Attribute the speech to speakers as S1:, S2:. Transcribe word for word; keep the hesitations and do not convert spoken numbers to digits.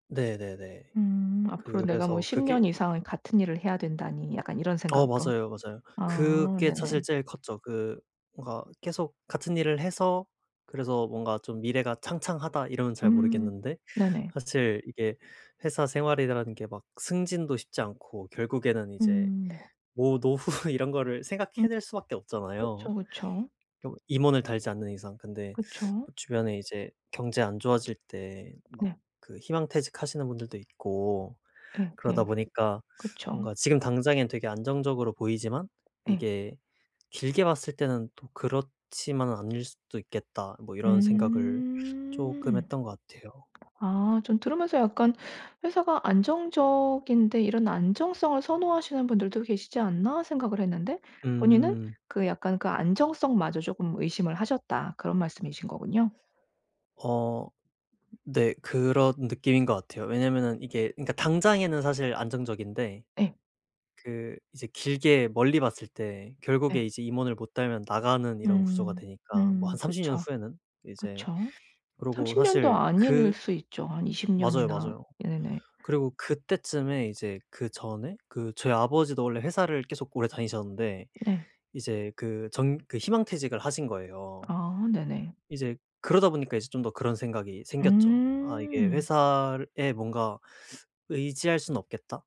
S1: 네네네.
S2: 음 '앞으로 내가 뭐
S1: 그래서
S2: 십 년
S1: 그게
S2: 이상 같은 일을 해야 된다니.' 약간 이런
S1: 어
S2: 생각으로.
S1: 맞아요, 맞아요.
S2: 아
S1: 그게 사실
S2: 네네.
S1: 제일 컸죠. 그 뭔가 계속 같은 일을 해서 그래서 뭔가 좀 미래가 창창하다 이러면 잘
S2: 음
S1: 모르겠는데
S2: 네네.
S1: 사실 이게 회사 생활이라는 게 막 승진도 쉽지 않고 결국에는 이제
S2: 음 네.
S1: 뭐 노후 이런 거를
S2: 음
S1: 생각해 낼 수밖에 없잖아요
S2: 그쵸, 그쵸.
S1: 좀 임원을 달지 않는 이상. 근데
S2: 그쵸.
S1: 또 주변에 이제 경제 안 좋아질 때 막
S2: 네.
S1: 그 희망퇴직 하시는 분들도 있고 그러다
S2: 예예.
S1: 보니까
S2: 그쵸.
S1: 뭔가 '지금 당장엔 되게 안정적으로 보이지만
S2: 예.
S1: 이게 길게 봤을 때는 또 그렇지만은 않을 수도 있겠다.' 뭐 이런 생각을 쪼금
S2: 음.
S1: 했던 것 같아요.
S2: 아 좀 들으면서 약간 '회사가 안정적인데 이런 안정성을 선호하시는 분들도 계시지 않나.' 생각을 했는데 본인은
S1: 음.
S2: 그 약간 그 안정성마저 쪼금 의심을 하셨다 그런 말씀이신 거군요.
S1: 어 네 그런 느낌인 거 같아요. 왜냐면은 이게 그니까 당장에는 사실 안정적인데
S2: 예.
S1: 그 이제 길게 멀리 봤을 때
S2: 예.
S1: 결국에 이제 임원을 못 달면 나가는 이런 구조가
S2: 음.
S1: 되니까 뭐 한
S2: 음.
S1: 삼십 년
S2: 그쵸,
S1: 후에는 이제
S2: 그쵸.
S1: 그러고
S2: 삼십 년도
S1: 사실
S2: 아닐
S1: 그
S2: 수 있죠. 한 이십
S1: 맞아요,
S2: 년이나
S1: 맞아요.
S2: 네네.
S1: 그리고 그때쯤에 이제 그전에 그 저희 아버지도 원래 회사를 계속 오래 다니셨는데
S2: 네.
S1: 이제 그 정 그 희망퇴직을 하신 거예요.
S2: 아 네네.
S1: 이제 그러다 보니까 이제 좀 더 그런 생각이 생겼죠. '아 이게
S2: 음.
S1: 회사에 뭔가 의지할 수는 없겠다.'